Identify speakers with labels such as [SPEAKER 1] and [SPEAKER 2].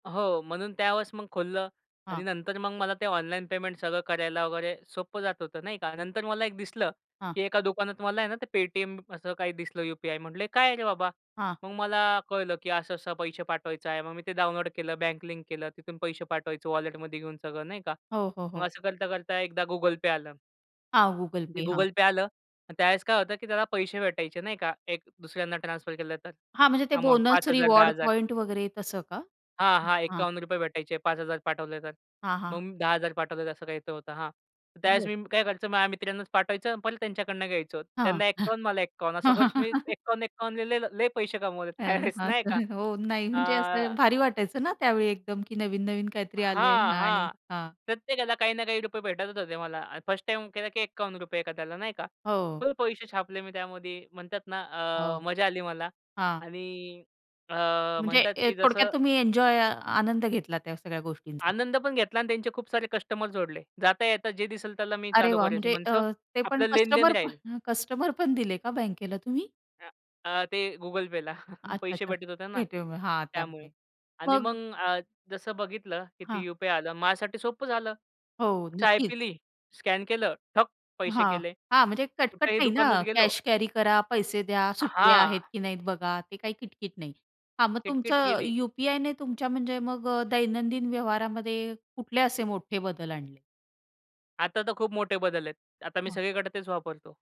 [SPEAKER 1] हो, म्हणून त्यावेळेस मग खोललं आणि
[SPEAKER 2] हां.
[SPEAKER 1] नंतर मग मला ते ऑनलाईन पेमेंट सगळं करायला वगैरे सोपं जात होतं नाही का. नंतर मला एक दिसलं,
[SPEAKER 2] हां.
[SPEAKER 1] की एका दुकानात मला आहे ना, ते पेटीएम असं काही दिसलं यूपीआय. म्हटलं, "हे काय आहे रे बाबा?"
[SPEAKER 2] हां.
[SPEAKER 1] मग मला कळलं, की असं-असं पैसे पाठवायचं आहे. मग मी ते डाऊनलोड केलं, बँक लिंक केलं. तिथून पैसे पाठवायचे वॉलेटमध्ये घेऊन सगळं नाही का.
[SPEAKER 2] हो, हो,
[SPEAKER 1] मग
[SPEAKER 2] हो.
[SPEAKER 1] असं करता-करता एकदा Google Pay आलं.
[SPEAKER 2] हां, Google
[SPEAKER 1] ते
[SPEAKER 2] Pay. हां.
[SPEAKER 1] Google Pay आलं अन् त्यावेळेस काय होतं, की त्याला पैसे भेटायचे नाही का. एक दुसऱ्यांना ट्रान्सफर केलं तर
[SPEAKER 2] हां, म्हणजे ते
[SPEAKER 1] अमाउंट.
[SPEAKER 2] बोनस
[SPEAKER 1] 5,000, दहा
[SPEAKER 2] रिवॉर्ड
[SPEAKER 1] हजार
[SPEAKER 2] पॉइंट वगैरे तसं का?
[SPEAKER 1] हां, हां,
[SPEAKER 2] हां.
[SPEAKER 1] ₹51 भेटायचे, 5,000 पाठवले तर.
[SPEAKER 2] हां,
[SPEAKER 1] मग
[SPEAKER 2] हां.
[SPEAKER 1] मी 10,000 पाठवले तर असं काहीचं होतं हां. तर त्यावेळेस
[SPEAKER 2] बरं.
[SPEAKER 1] मी काय करायचं, माझ्या मित्रांनाच पाठवायचं परत त्यांच्याकडून घ्यायचं.
[SPEAKER 2] हां.
[SPEAKER 1] त्यांना 51 मला 51 असं करत मी 51-51ला ले ल लय पैसे कमवले
[SPEAKER 2] [unintelligible]
[SPEAKER 1] त्यावेळेस
[SPEAKER 2] हां,
[SPEAKER 1] नाही का.
[SPEAKER 2] हो नाही म्हणजे
[SPEAKER 1] आ
[SPEAKER 2] असं भारी वाटायचं ना त्यावेळी एकदम की नवीन-नवीन काहीतरी आलं आहे
[SPEAKER 1] हां,
[SPEAKER 2] आणि
[SPEAKER 1] हां,
[SPEAKER 2] हां.
[SPEAKER 1] प्रत्येकाला काही ना काही रुपये भेटतच होते. मला अन् 1st टाईम केला, की ₹51 एखाद्याला नाही का.
[SPEAKER 2] हो.
[SPEAKER 1] फुल पैसे छापले मी त्यामध्ये म्हणतात ना, अ,
[SPEAKER 2] हो,
[SPEAKER 1] मजा आली मला
[SPEAKER 2] हां.
[SPEAKER 1] आणि अ,
[SPEAKER 2] म्हणजे
[SPEAKER 1] म्हणतात,
[SPEAKER 2] ए
[SPEAKER 1] की
[SPEAKER 2] थोडक्यात
[SPEAKER 1] जसं
[SPEAKER 2] तुम्ही एन्जॉय अ, आनंद घेतला, त्या सगळ्या गोष्टींचा.
[SPEAKER 1] आनंद पण घेतला आणि त्यांचे खूप सारे कस्टमर जोडले. जाता येता जे दिसेल, त्याला मी
[SPEAKER 2] अरे
[SPEAKER 1] चालू
[SPEAKER 2] वाह!
[SPEAKER 1] करायचं
[SPEAKER 2] म्हणजे अ,
[SPEAKER 1] म्हणायचो
[SPEAKER 2] ते पण
[SPEAKER 1] आपलं लेनदेन
[SPEAKER 2] कस्टमर प
[SPEAKER 1] राहील.
[SPEAKER 2] कस्टमर पण दिले का बँकेला तुम्ही?
[SPEAKER 1] अ, अ, ते Google Payला.
[SPEAKER 2] अच्छा,
[SPEAKER 1] पैसे
[SPEAKER 2] अच्छा.
[SPEAKER 1] भेटत होते ना
[SPEAKER 2] भेटूय मग हा
[SPEAKER 1] त्यामुळे
[SPEAKER 2] त्यामुळे.
[SPEAKER 1] आणि
[SPEAKER 2] मग
[SPEAKER 1] मग अ, जसं बघितलं की
[SPEAKER 2] हां.
[SPEAKER 1] ती यूपीआय आलं, माझ्यासाठी सोपं झालं.
[SPEAKER 2] हो,
[SPEAKER 1] चाय
[SPEAKER 2] नक्कीच.
[SPEAKER 1] पिली, स्कॅन केलं, ठक पैसे
[SPEAKER 2] हां,
[SPEAKER 1] गेले.
[SPEAKER 2] हां, म्हणजे कटकट
[SPEAKER 1] कुठेही
[SPEAKER 2] नाही ना,
[SPEAKER 1] दुकानात गेलो
[SPEAKER 2] कॅश कॅरी करा, पैसे द्या, सुट्टे
[SPEAKER 1] हां.
[SPEAKER 2] आहेत की नाहीत बघा, ते काही किटकिट नाही. हां, मग
[SPEAKER 1] किटकिट
[SPEAKER 2] तुमचं
[SPEAKER 1] गेली.
[SPEAKER 2] यूपीआयने तुमच्या म्हणजे मग अ, दैनंदिन व्यवहारामध्ये कुठले असे मोठे बदल आणले?
[SPEAKER 1] आता तर खूप मोठे बदल आहेत. आता मी
[SPEAKER 2] हां.
[SPEAKER 1] सगळीकडे तेच वापरतो.